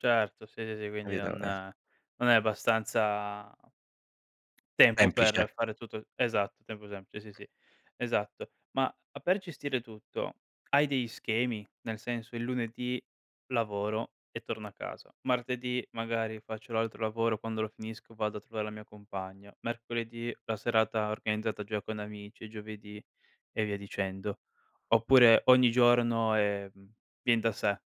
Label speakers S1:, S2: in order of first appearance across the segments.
S1: Certo, sì, sì, sì, quindi
S2: Capito?
S1: non
S2: Eh.
S1: non è abbastanza ...tempo
S2: Semplice.
S1: per fare tutto esatto, tempo [unintelligible] sì, sì,
S2: Eh.
S1: sì. Esatto. Ma a per gestire tutto hai degli schemi? Nel senso: "Il lunedì lavoro e torno a casa, martedì magari, faccio l'altro lavoro, quando lo finisco vado a trovare la mia compagna, mercoledì la serata organizzata già con amici, e giovedì..." e via dicendo. Oppure ogni giorno, ehm, vien da sé.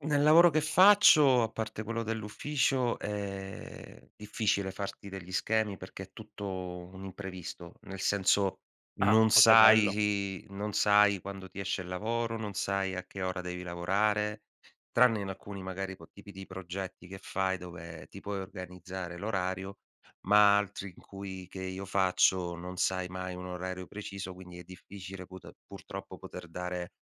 S2: Nel lavoro che faccio, a parte quello dell'ufficio, è difficile farti degli schemi perché è tutto un imprevisto, nel senso:
S1: Ah.
S2: non
S1: Oh, che bello!
S2: sai i non sai quando ti esce il lavoro, non sai a che ora devi lavorare, tranne in alcuni, magari co tipi di progetti che fai dove ti puoi organizzare l'orario, ma altri in cui che io faccio non sai mai un orario preciso, quindi è difficile put purtroppo poter dare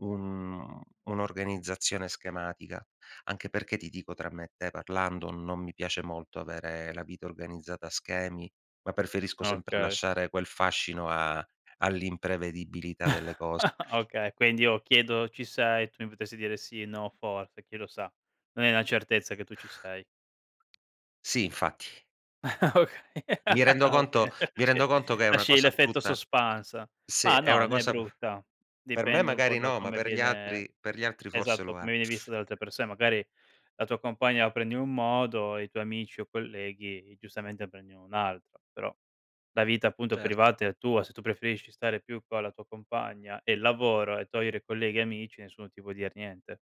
S2: un un'organizzazione schematica. Anche perché, ti dico, tra me e te parlando, non mi piace molto avere la vita organizzata a schemi, ma preferisco sempre
S1: Okay.
S2: lasciare quel fascino a all'imprevedibilità delle cose.
S1: Okay, quindi io chiedo: "Ci sei?" Tu mi potresti dire: "Sì, no, forse, chi lo sa?". Non è una certezza che tu ci sei.
S2: Sì, infatti.
S1: Okay,
S2: Mi rendo
S1: ah, va
S2: conto
S1: bene.
S2: mi rendo
S1: Ce
S2: conto che è una
S1: lasci
S2: cosa
S1: l'effetto
S2: brutta
S1: suspense.
S2: sì,
S1: Ma
S2: è
S1: no,
S2: una
S1: né
S2: cosa p
S1: brutta,
S2: per me
S1: dipende un po'
S2: magari
S1: da
S2: no, ma
S1: come
S2: per gli
S1: viene
S2: altri per gli altri forse
S1: esatto,
S2: lo è.
S1: come viene visto da altre persone, magari la tua compagna la prende in un modo, e i tuoi amici o colleghi giustamente prendi in un altro, però la vita, appunto,
S2: Cer
S1: privata è tua, se tu preferisci stare più con la tua compagna e il lavoro e togliere colleghi e amici nessuno ti può dir niente.